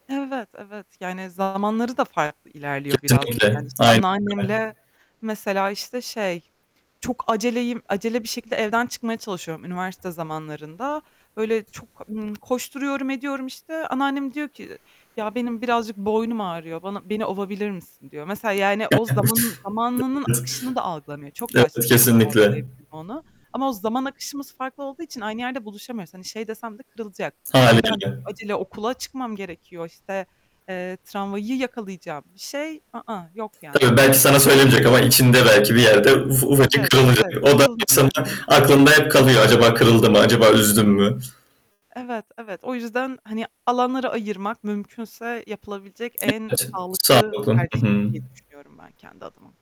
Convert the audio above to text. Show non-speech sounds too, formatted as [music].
Evet, evet. Yani, zamanları da farklı ilerliyor birazcık, Kesinlikle. yani, işte Aynen öyle. anneannemle mesela, işte, şey, çok aceleyim acele bir şekilde evden çıkmaya çalışıyorum üniversite zamanlarında. Böyle, çok, ımm, koşturuyorum ediyorum, işte, anneannem diyor ki "Ya, benim birazcık boynum ağrıyor, bana beni ovabilir misin?" diyor. Mesela, yani, o zamanın zamanının akışını da algılamıyor. [unintelligible] Çok yaşlı, Evet, tabii ki kesinlikle. [unintelligible] onu. Ama o zaman akışımız farklı olduğu için aynı yerde buluşamıyoruz. Hani, şey desem de kırılacak, "Ya, ben Hâliyle. acele okula çıkmam gerekiyor, işte, eee, tramvayı yakalayacağım." bir şey, ı ıh, yok yani, Tabii, hani belki sana söylemeyecek ama içinde belki bir yerde uf ufacık Evet, kırılacak. evet. O da insanın Kırılacak, hani aklında hep kalıyor acaba kırıldı mı, acaba üzdüm mü? Evet, evet. O yüzden, hani, alanları ayırmak mümkünse yapılabilecek en Evet. sağlıklı Sağlıklı. tercih I hı. diye düşünüyorum ben kendi adıma.